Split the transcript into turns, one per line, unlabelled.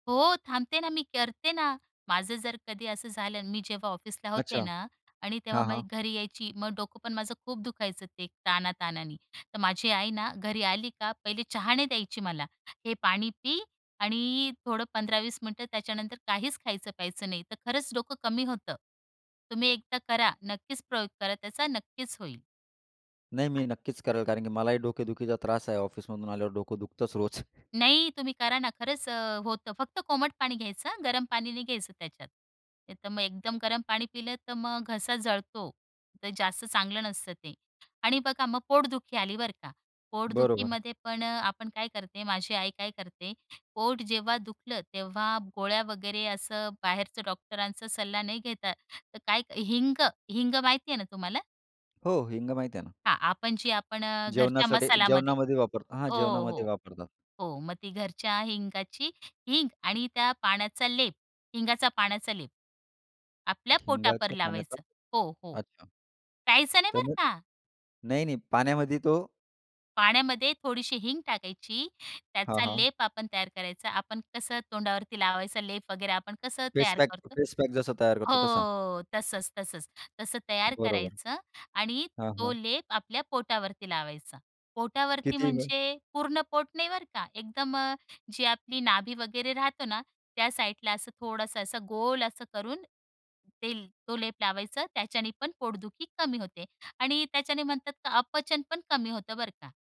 हो, थांबते, ना मी करते ना. माझं जर कधी असं झालं, मी जेव्हा ऑफिसला होते
अच्छा.
ना आणि तेव्हा
हां,
माझी
हां.
घरी यायची. मग डोकं पण माझं खूप दुखायचं ते ताणाताणाने, तर माझी आई ना घरी आली का पहिले चहा नाही द्यायची मला. "हे पाणी पी आणि अ, थोडं 15-20 मिनिटं त्याच्यानंतर काहीच खायचं प्यायचं नाही." तर खरंच डोकं कमी होतं. तुम्ही एकदा करा. नक्कीच प्रयोग करा. त्याचा नक्कीच होईल.
नाही मी नक्कीच करेल, कारण की मलाही डोकेदुखीचा त्रास आहे, ऑफिसमधून आल्यावर डोकं दुखतच रोज.
नाही. तुम्ही करा ना. खरंच अ, होतं. फक्त कोमट पाणी घ्यायचं हं, गरम पाणी नाही घ्यायचं त्याच्यात. नाही तर मग एकदम गरम पाणी पिलं तर मग घसा जळतो. ते जास्त चांगलं नसतं ते. आणि बघा मग पोटदुखी आली बर का,
बरोबर.
पोटदुखीमध्ये पण अ, आपण काय करते, माझी आई काय करते पोट जेव्हा दुखलं, तेव्हा गोळ्या वगैरे असं बाहेरचं डॉक्टरांचा सल्ला नाही घेता, तर काय हिंग, हिंग माहिती आहे ना तुम्हाला?
हो, हिंग माहिती आहे ना.
हां, आपण जी आपण अ, घरच्या
जेवणासाठी
मसालामध्ये
जेवणामध्ये वापर हां,
हो,
जेवणामध्ये
हो,
वापरतात.
हो. मग ती घरच्या हिंगाची हिंग आणि त्या पाण्याचा लेप, हिंगाचा पाण्याचा लेप, आपल्या पोटावर
हिंगाच्या पाण्याचा.
लावायचं. हो, हो.
अच्छा.
प्यायचं नाही बरं
त्याने,
का.
नाही, नाही पाण्यामध्ये तो
पाण्यामध्ये थोडीशी हिंग टाकायची,
हां,
त्याचा
हां.
लेप आपण तयार करायचा, आपण कसं तोंडावरती लावायचा लेप वगैरे आपण कसं तयार
फेसपॅक,
करतो,
फेसपॅक जसा तयार करतो तसा.
हो तसंच तसंच तसं तयार
बरोबर.
करायचं आणि
हां,
तो
हां.
लेप आपल्या पोटावरती लावायचा. पोटावरती
किती वेळ?
म्हणजे पूर्ण पोट नाही बरं का. एकदम अ, जी आपली नाभी वगैरे राहतो ना त्या साइडला असं थोडंसं, असं, गोल असं करून ते तो लेप लावायचं. त्याच्याने पण पोटदुखी कमी होते आणि त्याच्याने म्हणतात अपचन पण कमी होतं, बरं का.